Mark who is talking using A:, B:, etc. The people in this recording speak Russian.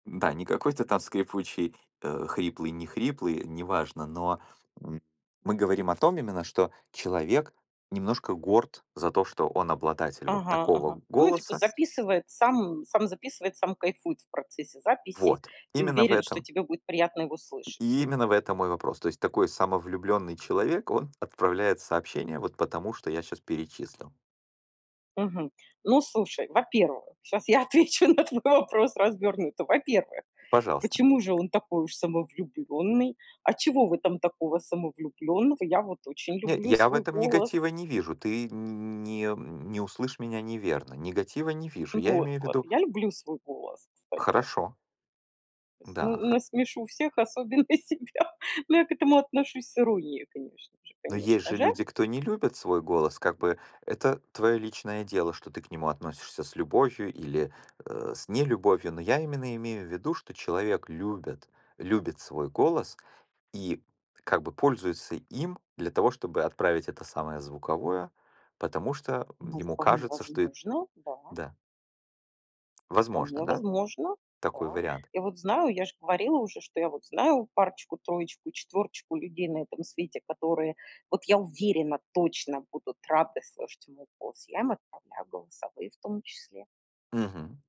A: Да, не какой-то там скрипучий, э, хриплый, не хриплый, неважно, но, м, мы говорим о том именно, что человек немножко горд за то, что он обладатель вот
B: Ага, ага.
A: такого
B: Ну, типа,
A: голоса.
B: записывает, сам сам записывает, сам кайфует в процессе записи
A: Вот.
B: и
A: Именно в
B: уверен, что
A: этом.
B: тебе будет приятно его слышать.
A: И именно в этом мой вопрос. То есть такой самовлюблённый человек, он отправляет сообщения. Вот, потому что я щас перечислил.
B: Мгм. Ну, слушай, во-первых, щас я отвечу на твой вопрос развернуто. Во-первых,
A: Пожалуйста.
B: почему же он такой уж самовлюбленный? А чего в этом такого самовлюбленного? Я вот очень
A: Не,
B: люблю
A: я в
B: свой
A: этом
B: голос.
A: негатива не вижу. Ты н н не не услышь меня неверно, негатива не вижу. Я имею в
B: Вот-вот.
A: виду
B: Я люблю свой голос, кстати.
A: Хорошо.
B: То есть на
A: Да, ха
B: насмешу всех, особенно себя. Но я к этому отношусь с иронией, конечно же,
A: Но есть
B: конечно
A: же
B: же.
A: люди, кто не любит свой голос. Как бы это твое личное дело, что ты к нему относишься с любовью или, э, с нелюбовью. Но я именно имею в виду, что человек любит любит свой голос, и как бы пользуется им для того, чтобы отправить это самое звуковое, потому что
B: Ну,
A: ему
B: вполне
A: кажется, что эт
B: возможно, да.
A: да.
B: Вполне
A: Возможно, да?
B: возможно,
A: Такой
B: да.
A: вариант?
B: Я вот знаю, я ж говорила уже, что я вот знаю парочку, троечку и четвёрочку людей на этом свете, которые- вот я уверена- точно будут рады слышать мой голос. Я им отправляю голосовые, в том числе.
A: Мгм.